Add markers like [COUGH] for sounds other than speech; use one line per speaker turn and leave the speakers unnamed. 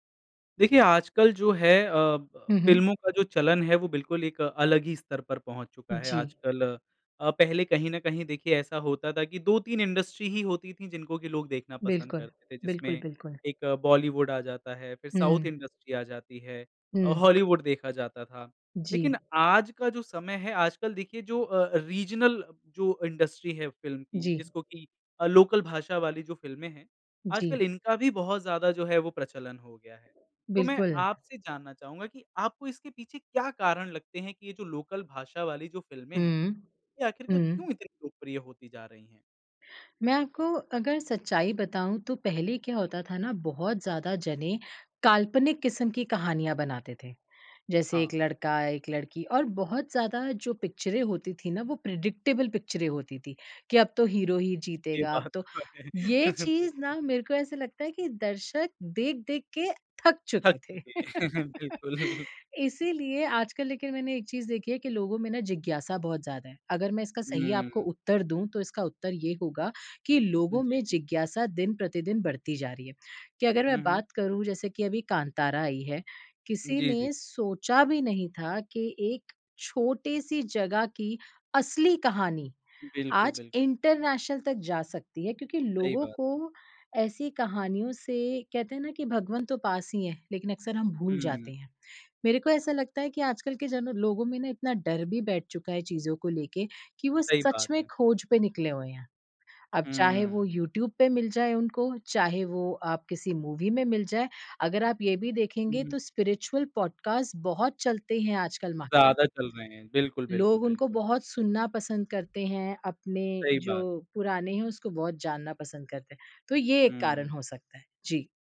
देखिए, आजकल जो है अ, ब
हुँ, हुँ।
फ़िल्मों का जो चलन है, वो बिल्कुल एक अलग ही स्तर पर पहुँच चुका है
जी।
आजकल। अ, पहले कहीं न कहीं देखिए ऐसा होता था कि 2-3 इंडस्ट्री ही होती थीं जिनको कि लोग देखना पसंद
बिल्कुल।
करते थे, जिसमें
बिल्कुल, बिल्कुल।
एक बॉलीवुड आ जाता है फिर साउथ
हुँ।
इंडस्ट्री आ जाती है अ,
हुँ।
हॉलीवुड देखा जाता था। लेकिन
जी।
आज का जो समय है आजकल देखिए, जो अ अ, रीजनल जो इंडस्ट्री है फ़िल्म की
जी।
जिसको कि अ, लोकल भाषा वाली जो फ़िल्में हैं, आजकल
जी।
इनका भी बहुत ज़्यादा जो है वो प्रचलन हो गया है। तो मैं
बिल्कुल।
आपसे जानना चाहूँगा कि आपको इसके पीछे क्या कारण लगते हैं कि ये जो लोकल भाषा वाली जो फ़िल्में हैं,
हुँ।
ये आखिरकार
हुँ।
क्यों इतनी लोकप्रिय होती जा रही हैं?
मैं आपको अगर सच्चाई बताऊँ तो पहले क्या होता था ना, बहुत ज़्यादा जने काल्पनिक किस्म की कहानियाँ बनाते थे। जैसे
हाँ।
एक लड़का, एक लड़की और बहुत ज़्यादा जो पिक्चरें होती थीं ना, वो प्रेडिक्टेबल पिक्चरें होती थीं, कि अब तो हीरो ही
ये
जीतेगा, अब
बात
तो
तो है।
ये
[CHUCKLES]
चीज़
बिल्कुल।
ना मेरे को ऐसा लगता है कि दर्शक देख-देख के थक
थक
चुके थे।
चुके हैं,
[LAUGHS]
बिल्कुल।
इसीलिए आजकल लेकिन मैंने एक चीज़ देखी है कि लोगों में ना जिज्ञासा बहुत ज़्यादा है। अगर मैं इसका सही आपको
हुँ।
उत्तर दूँ तो इसका उत्तर ये होगा, कि
हुँ,
लोगों
जी,
में
जी।
जिज्ञासा दिन-प्रतिदिन बढ़ती जा रही है, कि अगर
हुँ,
मैं
हुँ।
बात करूँ जैसे कि अभी कांतारा आई है। किसी
जी, जी।
ने सोचा भी नहीं था कि एक छोटी-सी जगह की असली कहानी
बिल्कुल,
आज
बिल
इंटरनेशनल तक जा सकती है क्योंकि
सही
लोगों
बात।
को ऐसी कहानियों से कहते हैं ना कि भगवन तो पास ही हैं, लेकिन अक्सर हम भूल
हुँ।
जाते हैं। मेरे को ऐसा लगता है कि आजकल के जन लोगों में ना इतना डर भी बैठ चुका है चीज़ों को लेके कि वो
सही
सच
बात
में
है।
खोज पे निकले हुए हैं। अब चाहे वो
हुँ।
यूट्यूब पे मिल जाए उनको, चाहे वो आप किसी मूवी में मिल जाए। अगर आप ये भी देखेंगे
हुँ।
तो स्पिरिचुअल पॉडकास्ट बहुत चलते हैं आजकल मार्केट
ज़्यादा
में।
चल रहे हैं। बिल्कुल, बिल्कुल,
लोग उनको
बिल्कुल।
बहुत सुनना पसंद करते हैं, अपने
सही बात
जो
है।
पुराने हैं उसको बहुत जानना पसंद करते हैं, तो ये एक कारण
हुँ।
हो सकता है। जी।